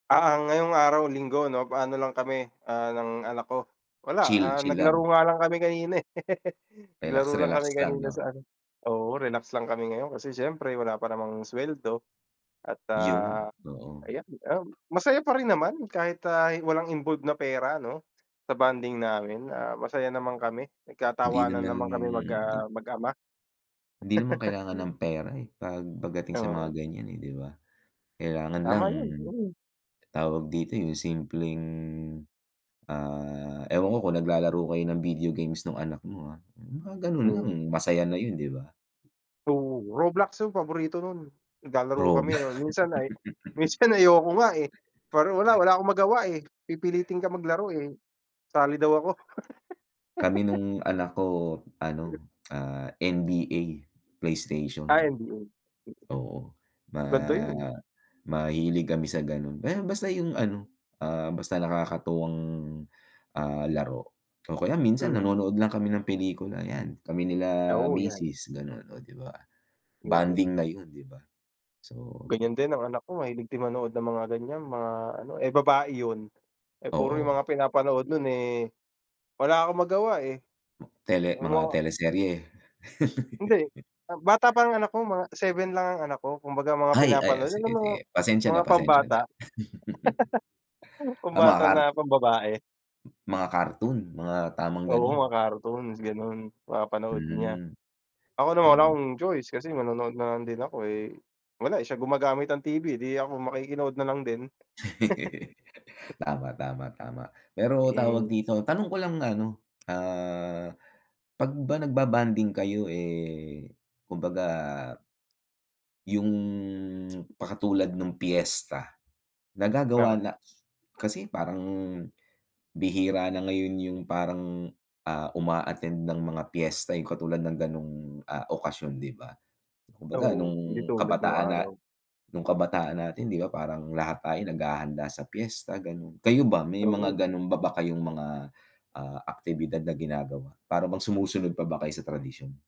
Ah, ang ngayong araw linggo, 'no, ano lang kami, ah, ng anak ko, wala, Chill. ah, Chill naglaro lang. nga lang kami kanina, eh. Naglaro lang kami Relax-relax lang, kanina 'no. sa ano oo, relax lang kami ngayon, kasi siyempre wala pa namang suweldo. At, ah, 'Yon, oo. ayan, um, masaya pa rin naman kahit, ah, walang involve na pera, 'no, sa bonding namin. Ah, masaya naman kami, Hindi nagtatawanan naman naman kami mag ah, mag-ama. Hindi naman kailangan ng pera, eh, pag pagdating sa Oo. mga ganiyan, eh, 'di ba. Kailangan lang, Tama 'yon, mm. tawag dito, 'yong simpleng, ah, ewan ko kung naglalaro kayo ng video games no'ng anak mo, ah. 'Yong mga gano'n lang Mm. masaya na 'yon, 'di ba. Oo, Roblox 'yong paborito no'n. Naglalaro Rob kami, yon. Minsan ay minsan ayoko nga, eh, parang wala, wala akong magawa, eh, pipilitin kang maglaro, eh, sali daw ako. Kami no'ng anak ko, [unintelligible] ano, ah, NBA, PlayStation. Ah, NBA, mm. Oo, ma Ganda 'yon. mahilig kami sa gano'n. Aya basta 'yong ano, ah, basta nakakatuwang, ah, laro. O kaya minsan, Mm. nanonood lang kami ng pelikula, 'yan, kami nila Oo, 'yan. misis gano'n, o, 'di ba. Mm. Bonding na 'yon, 'di ba? So Ganiyan din ang anak ko, mahilig din manood ng mga ganiyan, mga ano, eh, babae 'yon. Eh, puro 'yong Oo. mga pinapanood no'n, eh, wala akong magawa, eh. Tele Ang mga mga teleserye. Hindi. Ah, bata pa ang anak ko, mga 7 lang ang anak ko. Kumbaga mga Ay, ay, o pinapanood alam mo sige-sige. Pasensya na, mga pasensya pambata, na. Ah, mga pambata car na pambabae. mga cartoon, mga tamang Oo, gano'n. mga cartoons gano'n, Hmm. mapanood niya. Ako naman, wala Gano'n. akong choice, kasi manonood na lang din ako, eh, wala, eh, siya gumagamit ng TV, 'di ako makikinood na lang din. Tama, tama, tama. Pero, tawag Mm. dito, tanong ko lang ano, ah, 'pag ba nagbo-bonding kayo, eh, kumbaga, 'yong pakatulad no'ng piyesta. Nagagawa Oo. na kasi parang, bihira na ngayon 'yong parang, ah, uma-attend ng mga piyesta, 'yong katulad ng gano'ng, ah, okasyon, 'di ba. Kumbaga Oo, hindi no'ng tulad no'ng kabataan na araw. no'ng kabataan natin, 'di ba, parang lahat tayo naghahanda sa piyesta gano'n. Kayo ba, may Oo. mga gano'n pa ba kayong mga, ah, aktibidad na ginagawa, para bang sumusunod pa ba kayo sa tradisyon?